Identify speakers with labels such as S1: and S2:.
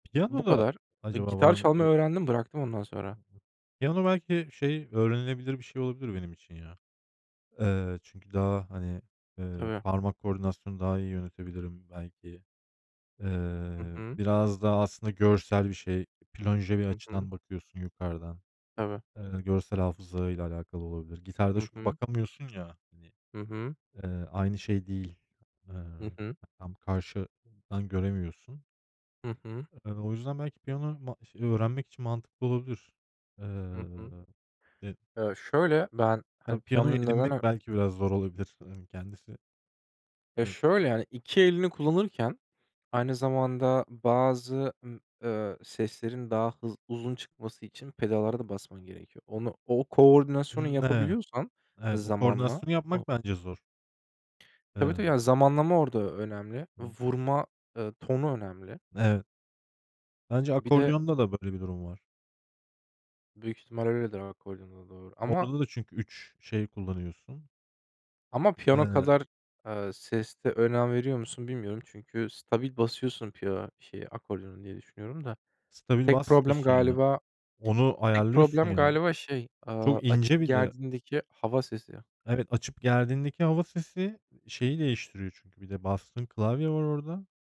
S1: Bu
S2: Piyanoda
S1: kadar. Iıı,
S2: acaba var
S1: gitar
S2: mı? Ö
S1: çalmayı öğrendim, bıraktım ondan sonra.
S2: Piyano belki, şey, öğrenilebilir bir şey olabilir benim için, ya. Eee, çünkü daha, hani, ııı,
S1: Tabii.
S2: parmak koordinasyonu daha iyi yönetebilirim, belki.
S1: Hı
S2: Eee,
S1: hı.
S2: biraz daha aslında görsel bir şey. Plonje bir
S1: Hı hı.
S2: açıdan bakıyorsun yukarıdan.
S1: Tabii.
S2: Eee, görsel hafızayla alakalı olabilir. Gitarda
S1: Hı
S2: çünkü
S1: hı.
S2: bakamıyorsun ya, hani,
S1: Hı hı.
S2: eee, aynı şey değil.
S1: Hı
S2: Iıı,
S1: hı.
S2: tam karşıdan göremiyorsun.
S1: Hı hı.
S2: Iıı, o yüzden belki piyano ma ş ııı, öğrenmek için mantıklı olabilir.
S1: Hı hı.
S2: Iıı, eee, de
S1: Eee, şöyle, ben, hani,
S2: Tabii, piyanoyu
S1: piyanonun neden
S2: edinmek
S1: ö
S2: belki biraz zor olabilir. Imm, kendisi.
S1: Ya, şöyle,
S2: [unintelligible]
S1: yani, iki elini kullanırken aynı zamanda bazı, ımm, ııı, seslerin daha hız uzun çıkması için pedallara da basman gerekiyor. Onu o koordinasyonu
S2: Hımm, ne
S1: yapabiliyorsan
S2: Evet, o
S1: zamanla
S2: koordinasyonu
S1: o
S2: yapmak bence zor.
S1: Tabii, tabii, yani,
S2: Iıı.
S1: zamanlama orada önemli.
S2: [unintelligible]
S1: Vurma, ııı, tonu önemli.
S2: Evet. Bence
S1: Bir de
S2: akordiyonda da böyle bir durum var.
S1: Büyük ihtimalle öyledir akordiyonda doğru ama
S2: Orada da çünkü 3 şey kullanıyorsun.
S1: Ama piyano
S2: Iıı
S1: kadar, ııı, seste önem veriyor musun, bilmiyorum. Çünkü stabil basıyorsun piyo şeye akordiyona diye düşünüyorum da.
S2: Stabil
S1: Tek problem
S2: basmıyorsun, ya.
S1: galiba
S2: Onu
S1: tek
S2: ayarlıyorsun,
S1: problem
S2: ya.
S1: galiba şey, ııı,
S2: Çok
S1: açıp
S2: ince bir de.
S1: gerdiğindeki hava sesi.
S2: Evet, açıp gerdiğindeki hava sesi şeyi değiştiriyor çünkü. Bir de bastığın klavye var orada.